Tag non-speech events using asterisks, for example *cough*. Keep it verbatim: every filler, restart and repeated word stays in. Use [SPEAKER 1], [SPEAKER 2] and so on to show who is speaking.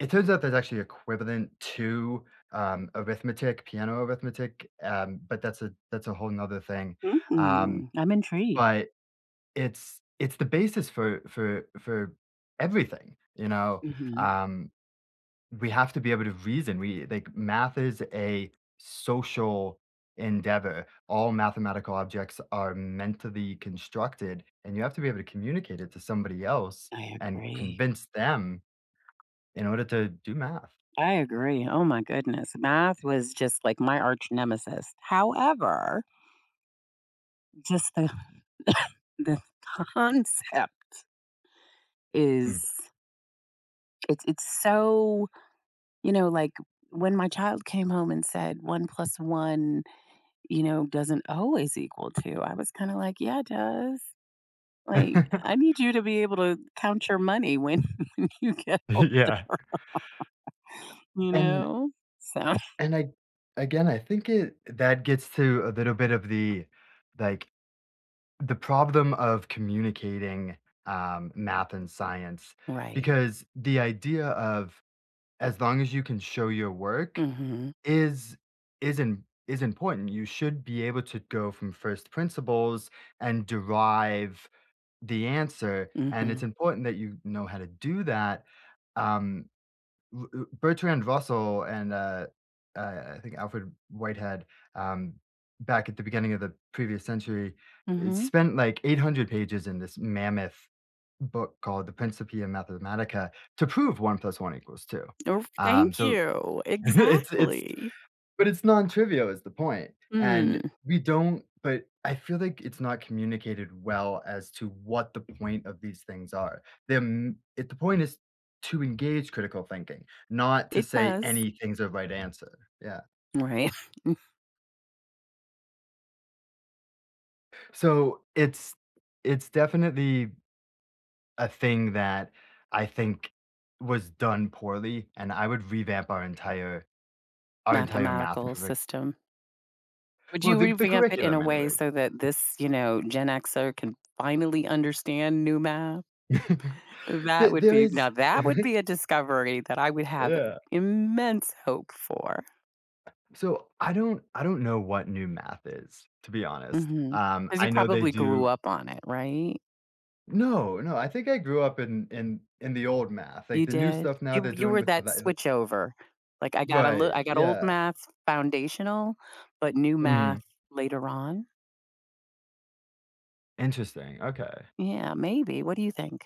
[SPEAKER 1] It turns out there's actually equivalent to, um, arithmetic, piano arithmetic, um, but that's a that's a whole ‘nother thing, um,
[SPEAKER 2] Mhm, I'm intrigued.
[SPEAKER 1] but, it's it's the basis for for for everything, you know?
[SPEAKER 2] Mhm.
[SPEAKER 1] Um, we have to be able to reason, we like, math is a social endeavor. All mathematical objects are meant to be constructed, and you have to be able to communicate it to somebody else
[SPEAKER 2] I
[SPEAKER 1] and
[SPEAKER 2] agree.
[SPEAKER 1] convince them in order to do math.
[SPEAKER 2] I agree, oh my goodness. Math was just like my arch-nemesis. However just the *coughs* the co concept
[SPEAKER 1] Mm.
[SPEAKER 2] is it's it's, so You know, like, when my child came home and said one plus one, you know, doesn't always equal two, I was kinda like, "Yeah, it does, like, I
[SPEAKER 1] *laughs*
[SPEAKER 2] need you to be able to count your money when *laughs* you get older,
[SPEAKER 1] *laughs* Yeah.
[SPEAKER 2] you
[SPEAKER 1] And
[SPEAKER 2] know?" So *coughs*
[SPEAKER 1] And I again, I think it that gets to a little bit of the, like, the problem of communicating, um, math and science,
[SPEAKER 2] Right.
[SPEAKER 1] because the idea of as long as you can show your work
[SPEAKER 2] Mhm.
[SPEAKER 1] is is im is important. You should be able to go from first principles and derive the answer, and
[SPEAKER 2] Mhm.
[SPEAKER 1] it's important that you know how to do that. Um, u u Bertrand Russell and, uh uh, I think, Alfred Whitehead, um, back at the beginning of the previous century, eh,
[SPEAKER 2] Mhm.
[SPEAKER 1] spent, like, eight hundred pages in this mammoth book called the Principia Mathematica to prove one plus one equals two.
[SPEAKER 2] Of
[SPEAKER 1] Um,
[SPEAKER 2] Thank
[SPEAKER 1] so,
[SPEAKER 2] you,
[SPEAKER 1] *laughs* it's it's
[SPEAKER 2] exactly.
[SPEAKER 1] but it's nontrivial, is the point, and
[SPEAKER 2] Mm.
[SPEAKER 1] we don't but, I feel like it's not communicated well as to what the point of these things are. Their m it The point is to engage critical thinking, not to
[SPEAKER 2] It
[SPEAKER 1] say
[SPEAKER 2] does.
[SPEAKER 1] anything's a right answer. Yeah.
[SPEAKER 2] Right. *coughs*
[SPEAKER 1] So, it's it's definitely a thing that I think was done poorly, and I would revamp our entire our entire math
[SPEAKER 2] Mathematical
[SPEAKER 1] curric
[SPEAKER 2] system? Would
[SPEAKER 1] Well,
[SPEAKER 2] you
[SPEAKER 1] the the
[SPEAKER 2] revamp it in a
[SPEAKER 1] curriculum,
[SPEAKER 2] way
[SPEAKER 1] anyways.
[SPEAKER 2] so that this, you know, Gen Xer can finally understand new math?
[SPEAKER 1] *laughs*
[SPEAKER 2] That
[SPEAKER 1] There
[SPEAKER 2] would
[SPEAKER 1] there
[SPEAKER 2] be
[SPEAKER 1] is
[SPEAKER 2] Now, that would be
[SPEAKER 1] *laughs*
[SPEAKER 2] a discovery that I would have
[SPEAKER 1] Yeah.
[SPEAKER 2] immense hope for.
[SPEAKER 1] So, I don't I don't know what new math is, to be honest,
[SPEAKER 2] Mhm.
[SPEAKER 1] um,
[SPEAKER 2] 'Cause you
[SPEAKER 1] I know they
[SPEAKER 2] probably grew
[SPEAKER 1] do
[SPEAKER 2] up on it, right?
[SPEAKER 1] No, no, I think I grew up in in in the old math,
[SPEAKER 2] You
[SPEAKER 1] like, the new
[SPEAKER 2] did?
[SPEAKER 1] stuff now
[SPEAKER 2] You
[SPEAKER 1] they're
[SPEAKER 2] w You
[SPEAKER 1] doing
[SPEAKER 2] were
[SPEAKER 1] with the
[SPEAKER 2] that
[SPEAKER 1] the the
[SPEAKER 2] switchover, like, "I got a li
[SPEAKER 1] Right,
[SPEAKER 2] I got old
[SPEAKER 1] yeah.
[SPEAKER 2] math's foundational, but new math
[SPEAKER 1] Mhm.
[SPEAKER 2] later on."
[SPEAKER 1] Interesting, okay.
[SPEAKER 2] Yeah, maybe, what do you think?